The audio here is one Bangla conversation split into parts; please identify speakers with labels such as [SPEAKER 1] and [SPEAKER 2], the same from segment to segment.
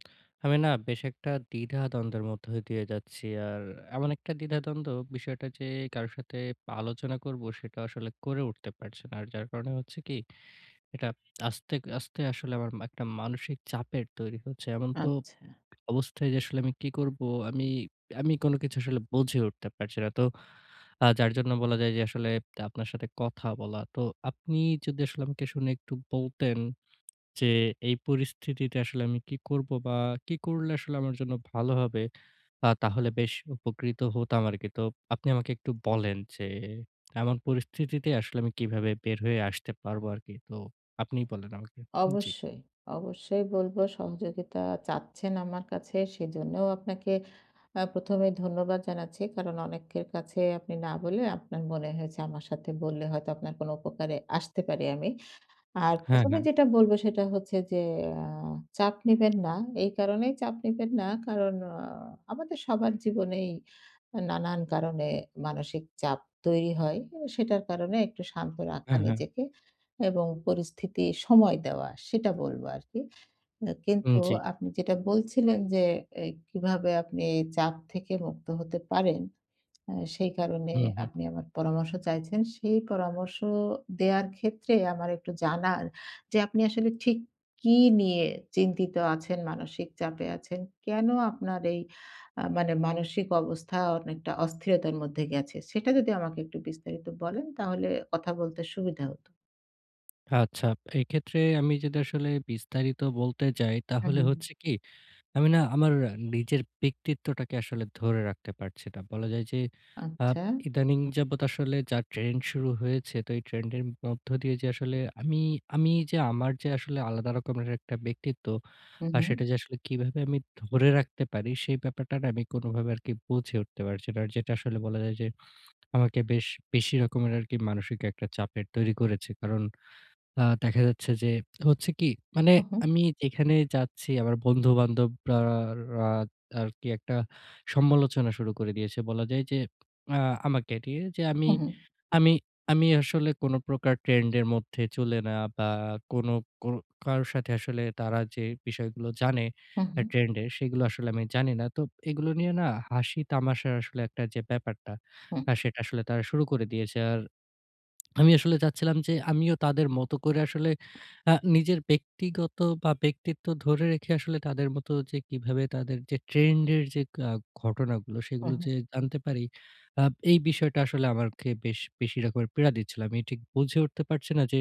[SPEAKER 1] আমি না বেশ একটা দ্বিধাদ্বন্দ্বের মধ্যে দিয়ে যাচ্ছি। আর এমন একটা দ্বিধাদ্বন্দ্ব বিষয়টা, যে কারো সাথে আলোচনা করব, সেটাও আসলে করে উঠতে পারছি না। আর যার কারণে হচ্ছে কি, এটা আস্তে, আস্তে আসলে আমার এম একটা মানসিক চাপের তৈরি হচ্ছে। এমন তো
[SPEAKER 2] আচ্ছা।
[SPEAKER 1] অবস্থায় যে আসলে আমি কি করবো, আমি আমি কোন কিছু আসলে বুঝে উঠতে পারছি না। তো আ যার জন্য বলা যায় যে আসলে আপনার সাথে কথা বলা। তো আপনি যদি আসলে আমাকে শুনে একটু বলতেন, যে এই পরিস্থিতিতে আসলে আমি কি করবো, বা কি করলে আসলে আমার জন্য ভালো হবে? আ তাহলে বেশ উপকৃত হতাম আরকি। তো আপনি আমাকে একটু বলেন, যে এমন পরিস্থিতিতে আসলে আমি কিভাবে বের হয়ে আসতে পারবো আরকি? তো আপনি বলেন আমাকে। জি।
[SPEAKER 2] অবশ্যই। অবশ্যই বলব, সহযোগিতা চাচ্ছেন আমার কাছে, সেজন্যও আপনাকে আ ১ম এই ধন্যবাদ জানাচ্ছি, কারণ অনেকের কাছে আপনি না বলে আপনার মনে হয়েছে, আমার সাথে বললে হয়তো আপনার কোন উপকারে আসতে পারি আমি। আর
[SPEAKER 1] হ্যাঁ,
[SPEAKER 2] ১ম এ
[SPEAKER 1] হ্যাঁ।
[SPEAKER 2] যেটা বলব, সেটা হচ্ছে যে আ চাপ নিবেন না, এই কারণেই চাপ নিবেন না, কারণ আ আমাদের সবার জীবনেই নানান কারণে মানসিক চাপ তৈরি হয়। অ সেটার কারণে একটু শান্ত রাখা
[SPEAKER 1] হ্যাঁ, হ্যাঁ।
[SPEAKER 2] নিজেকে এবং পরিস্থিতি সময় দেওয়া, সেটা বলবো আরকি। আ
[SPEAKER 1] উম,
[SPEAKER 2] কিন্তু
[SPEAKER 1] জি।
[SPEAKER 2] আপনি যেটা বলছিলেন, যে এ কিভাবে আপনি চাপ থেকে মুক্ত হতে পারেন? আ সেই কারণে
[SPEAKER 1] হুম, হুম।
[SPEAKER 2] আপনি আমার পরামর্শ চাইছেন। সেই পরামর্শ দেওয়ার ক্ষেত্রে আমার একটু জানার যে আপনি আসলে ঠিক কী নিয়ে চিন্তিত আছেন, মানসিক চাপে আছেন? কেন আপনার এই আ মানে মানসিক অবস্থা অনেকটা অস্থিরতার মধ্যে গেছে? সেটা যদি আমাকে একটু বিস্তারিত বলেন, তাহলে কথা বলতে সুবিধা হতো।
[SPEAKER 1] আচ্ছা। এক্ষেত্রে আমি যদি আসলে বিস্তারিত বলতে যাই,
[SPEAKER 2] হু,
[SPEAKER 1] তাহলে
[SPEAKER 2] হু।
[SPEAKER 1] হচ্ছে কি? আমি না আমার নিজের ব্যক্তিত্বটাকে আসলে ধরে রাখতে পারছি না। বলা যায় যে আব
[SPEAKER 2] আচ্ছা।
[SPEAKER 1] ইদানিং যাবত আসলে যা ট্রেন্ড শুরু হয়েছে। তো এই ট্রেন্ড এর মধ্য দিয়ে যে আসলে আমি আমি যে আমার যে আসলে আলাদা রকমের একটা ব্যক্তিত্ব
[SPEAKER 2] হু,
[SPEAKER 1] আ সেটা
[SPEAKER 2] হু।
[SPEAKER 1] যে আসলে কিভাবে আমি ধরে রাখতে পারি? সে ব্যাপারটা না আমি কোনোভাবে আরকি বুঝে উঠতে পারছি না। আর যেটা আসলে বলা যায় যে আমাকে বেশ বেশি রকমের আরকি মানসিক একটা চাপের তৈরি করেছে। কারণ আ দেখা যাচ্ছে যে হচ্ছে কি? মানে
[SPEAKER 2] হু, হু।
[SPEAKER 1] আমি যেখানে যাচ্ছি আমার বন্ধু-বান্ধবরা রা আরকি একটা সমালোচনা শুরু করে দিয়েছে। বলা যায় যে আ আমাকে নিয়ে যে, আমি
[SPEAKER 2] হু, হু।
[SPEAKER 1] আমি আমি আসলে কোনো প্রকার ট্রেন্ড এর মধ্যে চলে না বা কোনো কো কারোর সাথে আসলে তারা যে বিষয়গুলো জানে
[SPEAKER 2] হু,
[SPEAKER 1] আ
[SPEAKER 2] হু।
[SPEAKER 1] ট্রেন্ড এর, সেগুলো আসলে আমি জানি না। তো এগুলো নিয়ে না হাসি, তামাশার আসলে একটা যে ব্যাপারটা
[SPEAKER 2] হুম।
[SPEAKER 1] আ সেটা আসলে তারা শুরু করে দিয়েছে। আর আমি আসলে চাচ্ছিলাম যে আমিও তাদের মতো করে আসলে আ নিজের ব্যক্তিগত বা ব্যক্তিত্ব ধরে রেখে আসলে তাদের মতো যে কিভাবে তাদের যে ট্রেন্ড এর যে আ ঘটনাগুলো
[SPEAKER 2] হু,
[SPEAKER 1] সেগুলো
[SPEAKER 2] হু।
[SPEAKER 1] যে জানতে পারি, আ এই বিষয়টা আসলে আমাকে বেশ বেশি রকমের পীড়া দিচ্ছিল। আমি ঠিক বুঝে উঠতে পারছি না যে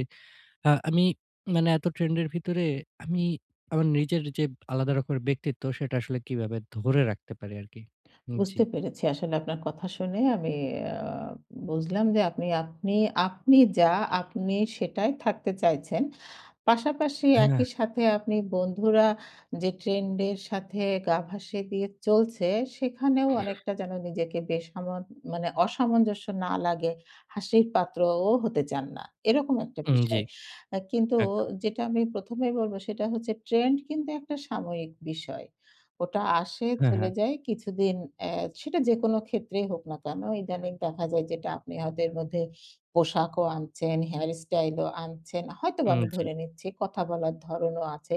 [SPEAKER 1] আ আমি মানে এতো ট্রেন্ড এর ভিতরে আমি আমার নিজের যে আলাদা রকমের ব্যক্তিত্ব, সেটা আসলে কিভাবে ধরে রাখতে পারি আরকি? উম জি।
[SPEAKER 2] বুঝতে পেরেছি। আসলে আপনার কথা শুনে আমি আ বুঝলাম যে আপনি, আপনি আপনি যা আপনি সেটাই থাকতে চাইছেন। পাশাপাশি
[SPEAKER 1] হ্যাঁ।
[SPEAKER 2] একই সাথে আপনি বন্ধুরা যে ট্রেন্ড এর সাথে গা ভাসিয়ে দিয়ে চলছে সেখানেও অনেকটা যেন নিজেকে বেসামাল মানে অসামঞ্জস্য না লাগে, হাসির পাত্রও হতে চান না। এরকম একটা
[SPEAKER 1] উম জি।
[SPEAKER 2] বিষয়। আ কিন্তু
[SPEAKER 1] একদম।
[SPEAKER 2] যেটা আমি ১ম এই বলব সেটা হচ্ছে ট্রেন্ড কিন্তু একটা সাময়িক বিষয়। ওটা আসে,
[SPEAKER 1] হ্যাঁ,
[SPEAKER 2] চলে
[SPEAKER 1] হ্যাঁ।
[SPEAKER 2] যায় কিছুদিন অ্যা সেটা যেকোনো ক্ষেত্রেই হোক না কেন। ইদানিং দেখা যায় যেটা আপনি হয়তো এর মধ্যে পোশাকও আনছেন, হেয়ার স্টাইলও আনছেন। হয়তোবা
[SPEAKER 1] উম
[SPEAKER 2] আমি
[SPEAKER 1] জি।
[SPEAKER 2] ধরে নিচ্ছি। কথা বলার ধরণও আছে।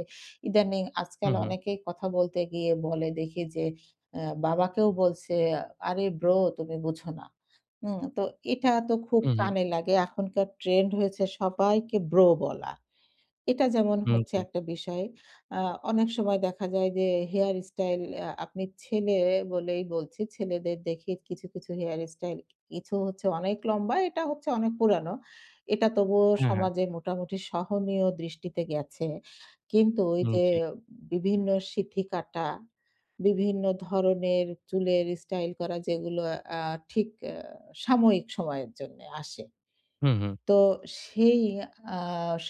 [SPEAKER 2] ইদানিং
[SPEAKER 1] হু,
[SPEAKER 2] আজকাল
[SPEAKER 1] হু।
[SPEAKER 2] অনেকেই কথা বলতে গিয়ে বলে দেখি যে অ্যা বাবাকেও বলছে, "আরে ব্রো, তুমি বুঝো না।" হুম? তো এটা তো খুব
[SPEAKER 1] হু, হু।
[SPEAKER 2] কানে লাগে। এখনকার ট্রেন্ড হয়েছে সবাইকে ব্রো বলা। এটা যেমন
[SPEAKER 1] উম
[SPEAKER 2] হচ্ছে
[SPEAKER 1] জি।
[SPEAKER 2] একটা বিষয়। আ অনেক সময় দেখা যায় যে হেয়ার স্টাইল আ আপনি ছেলে বলেই বলছি। ছেলেদের দেখি কিছু, কিছু হেয়ার স্টাইল কিছু হচ্ছে অনেক লম্বা। এটা হচ্ছে অনেক পুরানো। এটা তবুও
[SPEAKER 1] হ্যাঁ, হ্যাঁ।
[SPEAKER 2] সমাজে মোটামুটি সহনীয় দৃষ্টিতে গেছে। কিন্তু
[SPEAKER 1] উম
[SPEAKER 2] ওইযে
[SPEAKER 1] জি।
[SPEAKER 2] বিভিন্ন সিঁথিকাটা, বিভিন্ন ধরনের চুলের স্টাইল করা যেগুলো আ ঠিক আ সাময়িক সময়ের জন্যে আসে।
[SPEAKER 1] হু, হু।
[SPEAKER 2] তো সেই আ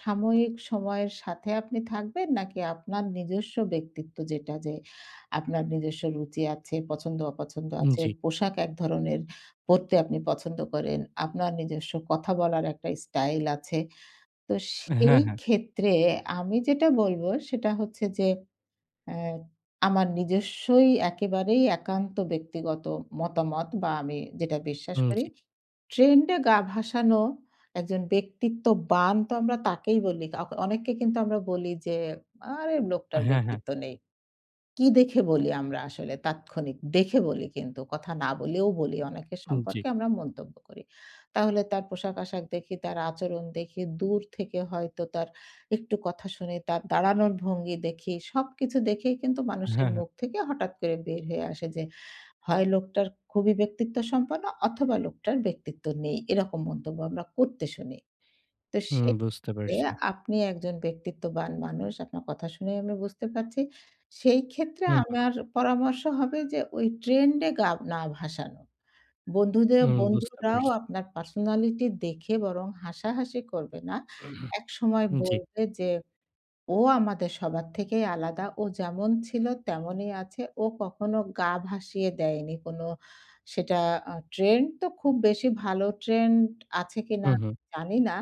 [SPEAKER 2] সাময়িক সময়ের সাথে আপনি থাকবেন? নাকি আপনার নিজস্ব ব্যক্তিত্ব যেটা যে আপনার নিজস্ব রুচি আছে, পছন্দ-অপছন্দ
[SPEAKER 1] উম
[SPEAKER 2] আছে,
[SPEAKER 1] জি।
[SPEAKER 2] পোশাক এক ধরনের পড়তে আপনি পছন্দ করেন। আপনার নিজস্ব কথা বলার একটা স্টাইল আছে। তো সেই
[SPEAKER 1] হ্যাঁ, হ্যাঁ।
[SPEAKER 2] ক্ষেত্রে আমি যেটা বলবো সেটা হচ্ছে যে আ আমার নিজস্বই একেবারেই একান্ত ব্যক্তিগত মতামত বা আমি যেটা বিশ্বাস
[SPEAKER 1] উম জি।
[SPEAKER 2] করি। ট্রেন্ড এ গা ভাসানো একজন ব্যক্তিত্ববান তো আমরা তাকেই বলি। কাউ অনেককে কিন্তু আমরা বলি যে, "আরে লোকটার
[SPEAKER 1] হ্যাঁ, হ্যাঁ।
[SPEAKER 2] ব্যক্তিত্ব নেই।" কি দেখে বলি? আমরা আসলে তাৎক্ষণিক দেখে বলি কিন্তু কথা না বলেও বলি। অনেকের
[SPEAKER 1] উম জি।
[SPEAKER 2] সম্পর্কে আমরা মন্তব্য করি। তাহলে তার পোশাক-আশাক দেখি, তার আচরণ দেখি, দূর থেকে হয়তো তার একটু কথা শুনি, তার দাঁড়ানোর ভঙ্গি দেখি, সবকিছু দেখেই কিন্তু মানুষের
[SPEAKER 1] হ্যাঁ, হ্যাঁ।
[SPEAKER 2] মুখ থেকে হঠাৎ করে বের হয়ে আসে যে, "হয় লোকটার খুবই ব্যক্তিত্ব সম্পন্ন অথবা লোকটার ব্যক্তিত্ব নেই।" এরকম মন্তব্য আমরা করতে শুনি। তো
[SPEAKER 1] হুম।
[SPEAKER 2] সেই
[SPEAKER 1] বুঝতে
[SPEAKER 2] ক্ষেত্রে
[SPEAKER 1] পারছি।
[SPEAKER 2] আপনি একজন ব্যক্তিত্ববান মানুষ। আপনার কথা শুনেই আমি বুঝতে পারছি। সেই ক্ষেত্রে
[SPEAKER 1] হু, হু।
[SPEAKER 2] আমার পরামর্শ হবে যে ওই ট্রেন্ড এ গা না ভাসানো। বন্ধুদের
[SPEAKER 1] হুম। বুঝতে
[SPEAKER 2] বন্ধুরাও
[SPEAKER 1] পারছি।
[SPEAKER 2] আপনার পার্সোনালিটি দেখে বরং হাসাহাসি করবে না। একসময়
[SPEAKER 1] উম জি।
[SPEAKER 2] বলবে যে, "ও আমাদের সবার থেকেই আলাদা, ও যেমন ছিল তেমনই আছে, ও কখনো গা ভাসিয়ে দেয়নি।" কোনো সেটা আ ট্রেন্ড তো খুব বেশি ভালো ট্রেন্ড আছে কিনা
[SPEAKER 1] হু,
[SPEAKER 2] আমি
[SPEAKER 1] হু।
[SPEAKER 2] জানি না।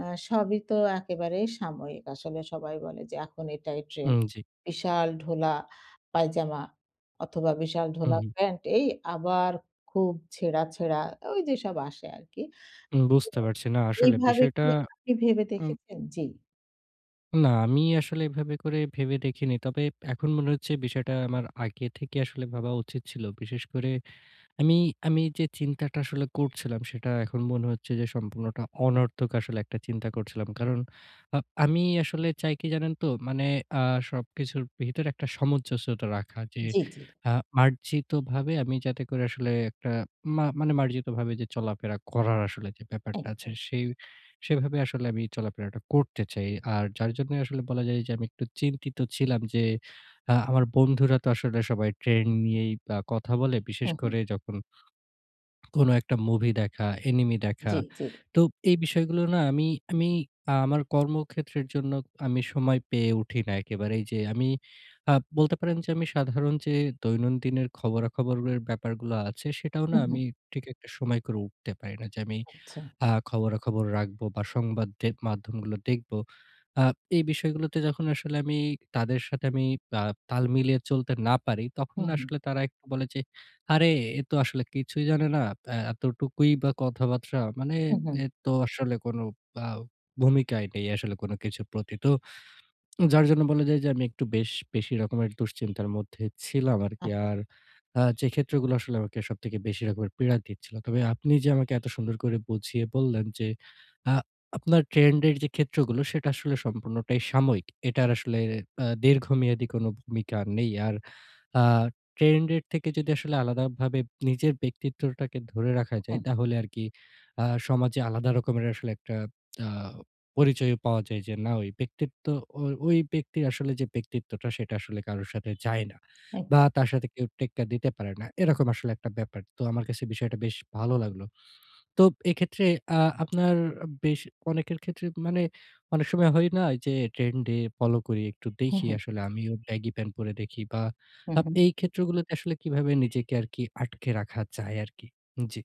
[SPEAKER 2] আ সবই তো একেবারেই সাময়িক। আসলে সবাই বলে যে এখন এটাই ট্রেন্ড।
[SPEAKER 1] উম জি।
[SPEAKER 2] বিশাল ঢোলা পায়জামা অথবা বিশাল
[SPEAKER 1] হু,
[SPEAKER 2] ঢোলা
[SPEAKER 1] হু।
[SPEAKER 2] প্যান্ট এই আবার খুব ছেঁড়া, ছেঁড়া ঐ যেসব আসে আরকি।
[SPEAKER 1] উম
[SPEAKER 2] তো
[SPEAKER 1] বুঝতে পারছি। না, আসলে
[SPEAKER 2] এইভাবে
[SPEAKER 1] বিষয়টা
[SPEAKER 2] কি আপনি ভেবে
[SPEAKER 1] উম
[SPEAKER 2] দেখেছেন? জি।
[SPEAKER 1] না, আমি আসলে এভাবে করে ভেবে দেখিনি। তবে এখন মনে হচ্ছে বিষয়টা আমার আগে থেকে আসলে ভাবা উচিত ছিল। বিশেষ করে আমি, আমি যে চিন্তাটা আসলে করছিলাম, সেটা এখন মনে হচ্ছে যে সম্পূর্ণ অনর্থক আসলে একটা চিন্তা করছিলাম। কারণ আ আমি আসলে চাই কি জানেন তো? মানে আ সবকিছুর ভিতরে একটা সামঞ্জস্যতা রাখা যে
[SPEAKER 2] জি। জি।
[SPEAKER 1] আ মার্জিতভাবে আমি যাতে করে আসলে একটা মা মানে মার্জিতভাবে যে চলাফেরা করার আসলে যে ব্যাপারটা আছে
[SPEAKER 2] একদম।
[SPEAKER 1] সেই সেইভাবে আসলে আমি চলাফেরাটা করতে চাই। আর যার জন্য আসলে বলা যায় যে আমি একটু চিন্তিত ছিলাম যে, আ আমার বন্ধুরা তো আসলে সবাই trend নিয়েই আ কথা বলে। বিশেষ
[SPEAKER 2] হুম, হুম।
[SPEAKER 1] করে যখন, কোন একটা movie দেখা, anime দেখা।
[SPEAKER 2] জি, জি।
[SPEAKER 1] তো এই বিষয়গুলো না আমি আমি আ আমার কর্মক্ষেত্রের জন্য আমি সময় পেয়ে উঠি না একেবারেই যে আমি আ বলতে পারেন যে আমি সাধারণ যে দৈনন্দিনের খবরাখবরের ব্যাপারগুলো আছে সেটাও না
[SPEAKER 2] উহু।
[SPEAKER 1] আমি ঠিক একটা সময় করে উঠতে পারি না। যে আমি
[SPEAKER 2] আচ্ছা।
[SPEAKER 1] আ খবরাখবর রাখবো বা সংবাদ দে মাধ্যমগুলো দেখব। আ এই বিষয়গুলোতে যখন আসলে আমি তাদের সাথে আমি আ তাল মিলিয়ে চলতে না পারি, তখন
[SPEAKER 2] হুম, হুম।
[SPEAKER 1] আসলে তারা এখন বলে যে, "আরে এ তো আসলে কিছুই জানে না। আ এতটুকুই বা কথাবার্তা, মানে
[SPEAKER 2] হুম, হুম।
[SPEAKER 1] এ তো আসলে কোন আ ভূমিকাই নেই আসলে কোন কিছুর প্রতি।" তো, যার জন্য বলা যায় যে, আমি একটু বেশ, বেশি রকমের দুশ্চিন্তার মধ্যে ছিলাম আরকি।
[SPEAKER 2] আচ্ছা।
[SPEAKER 1] আর আ যে ক্ষেত্রগুলো আসলে সবথেকে বেশি রকমের পীড়া দিচ্ছিল। তবে আপনি যে আমাকে এত সুন্দর করে বুঝিয়ে বললেন যে, আ আপনার ট্রেন্ড এর যে ক্ষেত্রগুলো সেটা আসলে সম্পূর্ণটাই সাময়িক। এটার আসলে আ দীর্ঘমেয়াদী কোন ভূমিকা নেই। আর আ ট্রেন্ড এর থেকে যদি আসলে আলাদাভাবে নিজের ব্যক্তিত্বটাকে ধরে রাখা যায়
[SPEAKER 2] হুম।
[SPEAKER 1] তাহলে আরকি আ সমাজে আলাদা রকমের আসলে একটা আ পরিচয় পাওয়া যায় যে না ওই ব্যক্তিত্ব ও ওই ব্যক্তির আসলে যে ব্যক্তিত্বটা সেটা আসলে কারো সাথে যায় না
[SPEAKER 2] একদম।
[SPEAKER 1] বা তার সাথে কেউ টেক্কা দিতে পারে না। এরকম আসলে একটা ব্যাপার। তো আমার কাছে বিষয়টা বেশ ভালো লাগলো। তো এক্ষেত্রে আ আপনার বেশ অনেকের ক্ষেত্রে মানে অনেক সময় হয় না যে trend এ follow করি একটু
[SPEAKER 2] হুম,
[SPEAKER 1] দেখি
[SPEAKER 2] হুম।
[SPEAKER 1] আসলে। আমিও baggy pant পরে দেখি বা
[SPEAKER 2] হু,
[SPEAKER 1] আপ
[SPEAKER 2] হুম।
[SPEAKER 1] এই ক্ষেত্রগুলোতে আসলে কীভাবে নিজেকে আর কি আটকে রাখা যায় আর কি? জি।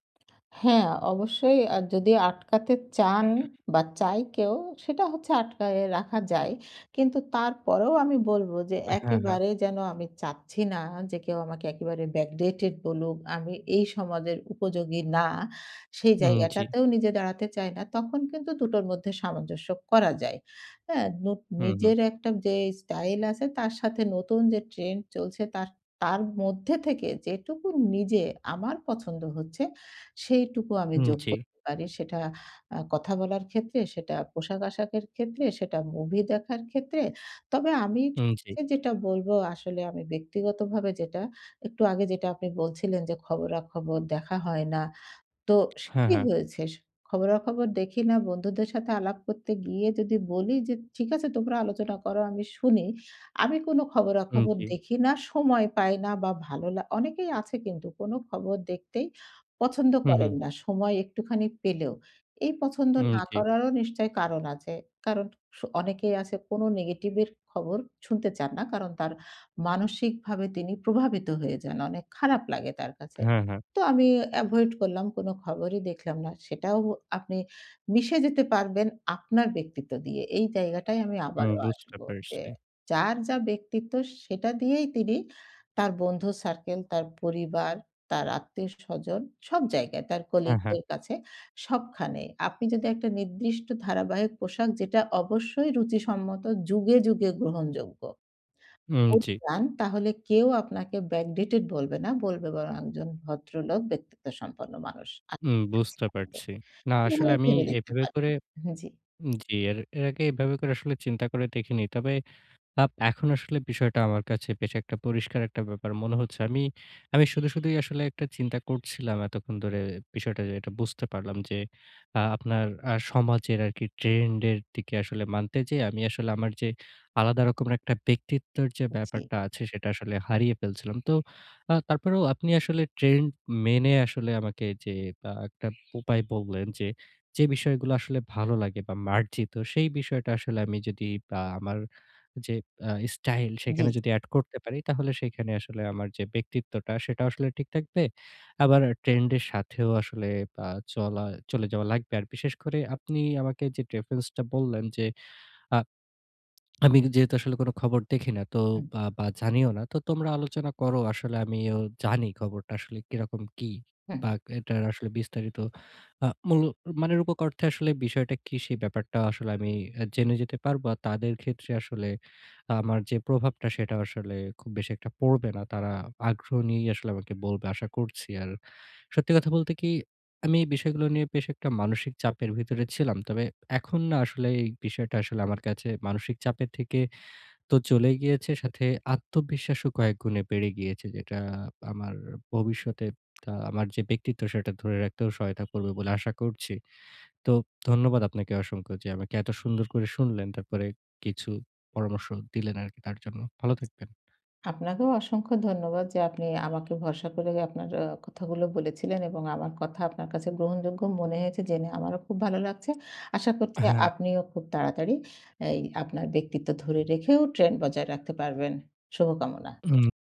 [SPEAKER 2] হ্যাঁ, অবশ্যই আর যদি আটকাতে চান বা চায় কেউ সেটা হচ্ছে আটকায়ে রাখা যায়। কিন্তু তারপরেও আমি বলব যে
[SPEAKER 1] হ্যাঁ, হ্যাঁ।
[SPEAKER 2] একেবারে যেন আমি চাচ্ছি না যে কেউ আমাকে একেবারে backdated বলুক, আমি এই সমাজের উপযোগী না, সেই
[SPEAKER 1] উম জি।
[SPEAKER 2] জায়গাটাতেও নিজে দাঁড়াতে চায় না। তখন কিন্তু দুটোর মধ্যে সামঞ্জস্য করা যায় এ্যা? নোত
[SPEAKER 1] হুম, হুম।
[SPEAKER 2] নিজের একটা যে style আছে তার সাথে নতুন যে trend চলছে তার তার মধ্যে থেকে যেটুকু নিজে আমার পছন্দ হচ্ছে সেইটুকু আমি
[SPEAKER 1] হুম,
[SPEAKER 2] যোগ
[SPEAKER 1] জি।
[SPEAKER 2] করতে পারি। সেটা আ কথা বলার ক্ষেত্রে, সেটা পোশাক-আশাকের ক্ষেত্রে, সেটা movie দেখার ক্ষেত্রে। তবে আমি
[SPEAKER 1] হুম, জি।
[SPEAKER 2] যেটা বলব আসলে আমি ব্যক্তিগতভাবে যেটা একটু আগে যেটা আপনি বলছিলেন যে খবরাখবর দেখা হয় না। তো স
[SPEAKER 1] হ্যাঁ,
[SPEAKER 2] কি
[SPEAKER 1] হ্যাঁ।
[SPEAKER 2] হয়েছে? খবরাখবর দেখি না। বন্ধুদের সাথে আলাপ করতে গিয়ে যদি বলি যে, "ঠিক আছে তোমরা আলোচনা করো আমি শুনি। আমি কোন
[SPEAKER 1] হুম,
[SPEAKER 2] খবরাখবর
[SPEAKER 1] জি।
[SPEAKER 2] দেখি না, সময় পাই না বা ভালো লা" অনেকেই আছে কিন্তু কোন খবর দেখতেই পছন্দ
[SPEAKER 1] হুম, হুম।
[SPEAKER 2] করেন না। সময় একটুখানি পেলেও। এই পছন্দ
[SPEAKER 1] হুম,
[SPEAKER 2] না
[SPEAKER 1] জি।
[SPEAKER 2] করারও নিশ্চই কারণ আছে। কারণ স অনেকেই আছে কোন নেগেটিভের খবর শুনতে চান না। কারণ তার মানসিকভাবে তিনি প্রভাবিত হয়ে যান। অনেক খারাপ লাগে তার কাছে।
[SPEAKER 1] হ্যাঁ, হ্যাঁ।
[SPEAKER 2] তো আমি avoid করলাম কোন খবরই দেখলাম না। সেটাও আপনি মিশে যেতে পারবেন আপনার ব্যক্তিত্ব দিয়ে। এই জায়গাটায় আমি
[SPEAKER 1] হুম,
[SPEAKER 2] আবারও
[SPEAKER 1] বুঝতে
[SPEAKER 2] আসব। যে
[SPEAKER 1] পারছি।
[SPEAKER 2] যার যা ব্যক্তিত্ব সেটা দিয়েই তিনি তার বন্ধুর সার্কেল, তার পরিবার, তার আত্মীয় স্বজন সব জায়গায় তার
[SPEAKER 1] হ্যাঁ,
[SPEAKER 2] colleague
[SPEAKER 1] হ্যাঁ।
[SPEAKER 2] দের কাছে সবখানেই। আপনি যদি একটা নির্দিষ্ট ধারাবাহিক পোশাক যেটা অবশ্যই রুচি সম্মত যুগে, যুগে গ্রহণযোগ্য,
[SPEAKER 1] ওম
[SPEAKER 2] পরে
[SPEAKER 1] জি।
[SPEAKER 2] যান তাহলে কেউ আপনাকে backdated বলবে না। বলবে বরং একজন ভদ্রলোক ব্যক্তিত্বসম্পন্ন মানুষ। আমি
[SPEAKER 1] উম বুঝতে
[SPEAKER 2] বলছিলাম যে
[SPEAKER 1] পারছি। না,
[SPEAKER 2] এ
[SPEAKER 1] আসলে
[SPEAKER 2] ভাবে
[SPEAKER 1] আমি
[SPEAKER 2] ভেবে দেখতে
[SPEAKER 1] এভাবে
[SPEAKER 2] পারেন?
[SPEAKER 1] করে
[SPEAKER 2] হ্যাঁ, জি।
[SPEAKER 1] উম জি এর, এর আগে এভাবে আসলে চিন্তা করে দেখিনি। তবে, আপ এখন আসলে বিষয়টা আমার কাছে বেশ একটা পরিষ্কার একটা ব্যাপার মনে হচ্ছে। আমি, আমি শুধু, শুধুই আসলে একটা চিন্তা করছিলাম এতক্ষণ ধরে বিষয়টা যেটা বুঝতে পারলাম যে আ আপনার আ সমাজের আরকি trend এর দিকে আসলে মানতে যেয়ে আমি আসলে আমার যে আলাদা রকম একটা ব্যক্তিত্বের যে
[SPEAKER 2] জি।
[SPEAKER 1] ব্যাপারটা আছে সেটা আসলে হারিয়ে ফেলছিলাম। তো আ তারপরেও আপনি আসলে trend মেনে আসলে আমাকে যে আ একটা উপায় বললেন যে, যে বিষয়গুলো আসলে ভালো লাগে বা মার্জিত সেই বিষয়টা আসলে আমি যদি আ আমার যে আ স্টাইল
[SPEAKER 2] জি,
[SPEAKER 1] সেখানে
[SPEAKER 2] জি।
[SPEAKER 1] যদি add করতে পারি তাহলে সেখানে আসলে আমার যে ব্যক্তিত্বটা সেটাও আসলে ঠিক থাকবে। আবার trend এর সাথেও আসলে আ চলা, চলে যাওয়া লাগবে। আর বিশেষ করে আপনি আমাকে যে preference টা বললেন যে আ আমি যেহেতু আসলে কোন খবর দেখি না তো
[SPEAKER 2] হুম।
[SPEAKER 1] বা বা জানিও না। তো তোমরা আলোচনা করো। আসলে আমিও জানি খবরটা আসলে কিরকম কী?
[SPEAKER 2] হুম।
[SPEAKER 1] বা এ এটার আসলে বিস্তারিত আ মুলক মানে রুপক অর্থে আসলে বিষয়টা কি? সে ব্যাপারটা আসলে আমি জেনে যেতে পারবো। আর তাদের ক্ষেত্রে আসলে আমার যে প্রভাবটা সেটা আসলে খুব বেশি একটা পড়বে না। তারা আগ্রহ নিয়েই আসলে আমাকে বলবে আশা করছি। আর সত্যি কথা বলতে কি, আমি এই বিষয়গুলো নিয়ে বেশ একটা মানসিক চাপের ভিতরে ছিলাম। তবে এখন না আসলে এই বিষয়টা আসলে আমার কাছে মানসিক চাপের থেকে তো চলে গিয়েছে। সাথে আত্মবিশ্বাসও কয়েকগুণে বেড়ে গিয়েছে। যেটা আমার ভবিষ্যতে আ আমার যে ব্যক্তিত্ব সেটা ধরে রাখতেও সহায়তা করবে বলে আশা করছি। তো ধন্যবাদ আপনাকে অসংখ্য যে আমাকে এত সুন্দর করে শুনলেন, তারপরে কিছু পরামর্শ দিলেন আরকি তার জন্য। ভালো থাকবেন।
[SPEAKER 2] আপনাকেও অসংখ্য ধন্যবাদ যে আপনি আমাকে ভরসা করে আপনার আ কথাগুলো বলেছিলেন এবং আমার কথা আপনার কাছে গ্রহণযোগ্য মনে হয়েছে জেনে আমারও খুব ভালো লাগছে। আশা করছি
[SPEAKER 1] হ্যাঁ।
[SPEAKER 2] আপনিও খুব তাড়াতাড়ি এই আপনার ব্যক্তিত্ব ধরে রেখেও trend বজায় রাখতে পারবেন। শুভকামনা।
[SPEAKER 1] হুম।